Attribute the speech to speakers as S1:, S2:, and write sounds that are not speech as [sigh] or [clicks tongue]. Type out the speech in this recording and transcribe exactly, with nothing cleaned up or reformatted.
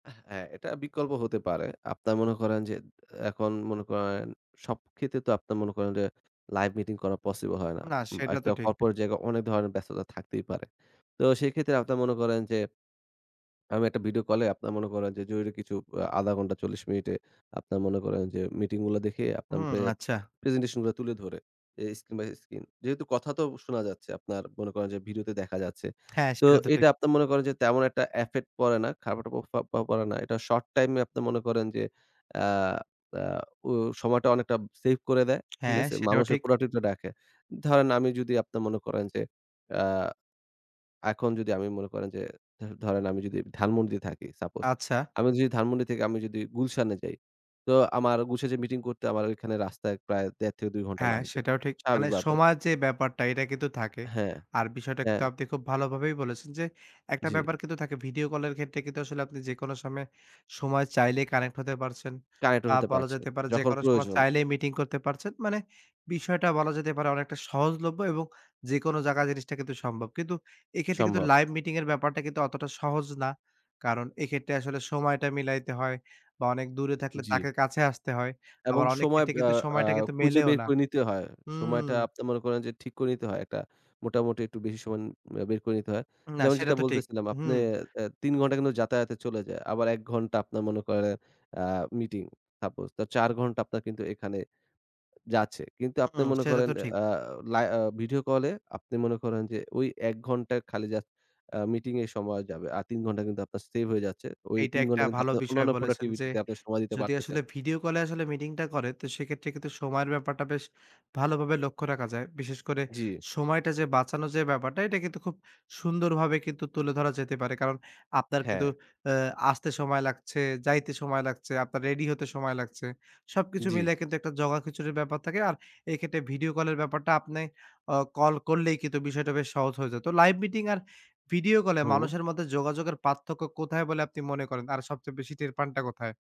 S1: হ্যাঁ, এটা বিকল্প হতে পারে। আপনার মনে করেন জেদ, এখন মনে করেন সব ক্ষেত্রে তো আপনার মনে করেন যে, Live meeting করা পসিবল হয় না।
S2: না
S1: উম
S2: সেটা তো
S1: একটা
S2: ঠিক।
S1: Corporate জায়গায় অনেক ধরনের ব্যস্ততা থাকতেই পারে। তো সেক্ষেত্রে আপনার মনে করেন যে আমি একটা ভিডিও কলে আপনার মনে করেন যে জরুরি কিছু আ আধা ঘন্টা চল্লিশ মিনিটে আপনার মনে করেন যে মিটিং গুলা দেখেই আপনান
S2: হুম
S1: পে
S2: [smacks lips] আচ্ছা।
S1: presentation গুলা তুলে ধরে, এ Screen by screen যেহেতু কথা তো শোনা যাচ্ছে আপনার মনে করেন যে ভিডিওতে দেখা যাচ্ছে।
S2: হ্যাঁ,
S1: তো
S2: [clicks tongue] সেটা তো ঠিক।
S1: এটা আপনার মনে করেন যে তেমন এক টা affect পড়ে না, খারাপ একটা প প্রফাব পড়ে না। এটা শর্ট-টাইম এ আপনার মনে করেন যে আ আ পু সময়টা অনেকটা সেভ করে দেয়। ঠিক
S2: হ্যাঁ,
S1: আছে?
S2: সেটাও
S1: মানুষের
S2: ঠিক।
S1: Productive টা রাখে। ধরেন আমি যদি আপনার মনে করেন যে আ এখন যদি আমি মনে করেন যে ধ ধরেন আমি যদি ধানমন্ডিতে থাকি, সাপোজ।
S2: আচ্ছা।
S1: আমি যদি ধানমন্ডি থেকে আমি যদি গুলশানে যাই তো আমার গুশে যেয়ে মিটিং করতে আমার ওইখান এ রাস্তায় প্রায় দেড় থেকে দুই ঘন্টা
S2: হ্যাঁ,
S1: লাগবে।
S2: সেটাও ঠিক। মানে
S1: স্বাভাবিকবাবে।
S2: সময়ের যে ব্যাপারটা এটা কিন্তু থাকে।
S1: হ্যাঁ,
S2: আর বিষয়টা কিন্তু
S1: হ্যাঁ।
S2: আপনি খুব ভালোভাবেই বলেছেন যে এক টা
S1: জি।
S2: ব্যাপার কিন্তু থাকে ভিডিও কলের ক্ষেত্রে কিন্তু আসলে আপনি যেকোনো সময়ে, সময় চাইলেই কানেক্ট হতে পারছেন
S1: কানেক্টেড
S2: বা
S1: হতে
S2: বলা
S1: পারছে,
S2: যেতে পারে
S1: যখন
S2: যেকোনো সময়
S1: প্রয়োজন।
S2: চাইলেই মিটিং করতে পারছেন। মানে বিষয়টা বলা যেতে পারে অনেকটা সহজলভ্য এবং যেকোনো জাগায় জিনিসটা কিন্তু সম্ভব। কিন্তু এক্ষেত্রে কিন্তু
S1: সম্ভব।
S2: লাইভ মিটিং এর ব্যাপারটা কিন্তু অতটা সহজ না। কারণ এক্ষেত্রে আসলে সময়টা মিলাইতে হয় বা অনেক দূরে থাকলে
S1: জি।
S2: তাকে কাছে আসতে হয়।
S1: এবং
S2: আবার অনেক
S1: সময়
S2: ক্ষেত্রে
S1: অ্যা
S2: কিন্তু
S1: আ
S2: সময়টা কিন্তু
S1: খুঁজে
S2: মেলেও
S1: বের
S2: না
S1: করে নিতে হয়। সময়টা
S2: হুম।
S1: আপনি মনে করেন যে ঠিক করে নিতে হয়। এক টা মোটামুটি একটু বেশি সমন বে বের করে নিতে হয়।
S2: না
S1: যেমন
S2: সেটা
S1: যেটা
S2: তো ঠিক,
S1: বলতেছিলাম আপনে
S2: হুম।
S1: অ্যা তিন ঘন্টা কিন্তু যাতায়াতে চলে যায়। আবার এক ঘন্টা আপনার মনে করেন অ্যা মিটিং সাপোজ, তো চার ঘন্টা আপনার কিন্তু এখানে যাচ্ছে। কিন্তু
S2: উ
S1: আপনি
S2: উম
S1: মনে
S2: সেটা
S1: করেন
S2: তো ঠিক।
S1: অ্যা আ লাই আ ভিডিও কলে আপনি মনে করেন যে ওই এক ঘন্টায় খালি জাস্ট আ মিটিংয়ে সময় যাবে। আর তিন ঘন্টা কিন্তু আপনার সেভ হয়ে যাচ্ছে। ওই
S2: এইটা
S1: তিন
S2: একটা
S1: ঘন্টা কিন্তু
S2: ভালো
S1: আপনার
S2: বিষয়
S1: অন্যান্য
S2: বলেছেন যে
S1: Productivity তে আপনি সময় দিতে
S2: যদি
S1: পারতেছেন।
S2: আসলে ভিডিও কল এ আসলে মিটিংটা করে তো সেক্ষেত্রে কিন্তু সময়ের ব্যাপারটা বেশ ভালোভাবে লক্ষ্য রাখা যায়। বিশেষ করে
S1: জি।
S2: সময়টা যে বাঁচানোর যে ব্যাপারটা এটা কিন্তু খুব সুন্দরভাবে কিন্তু তুলে ধরা যেতে পারে। কারণ আপনার কিন্তু
S1: হ্যাঁ।
S2: অ্যা আসতে সময় লাগছে, যাইতে সময় লাগছে, আপনার রেডি হতে সময় লাগছে। সবকিছু
S1: জি।
S2: মিলায়ে কিন্তু এক টা জগাখিচুড়ির ব্যাপার থাকে। আর এক্ষেত্রে ভিডিও কল এর ব্যাপারটা আপনে অ কল করলেই কিন্তু বিষয়টা বেশ সহজ হয়ে যেত। Live meeting আর ভিডিও কল এ
S1: হুম।
S2: মানুষের মধ্যে যোগাযোগের পার্থক্য কোথায় বলে আপনি মনে করেন? আর সবচেয়ে বেশি টের পানটা কোথায়?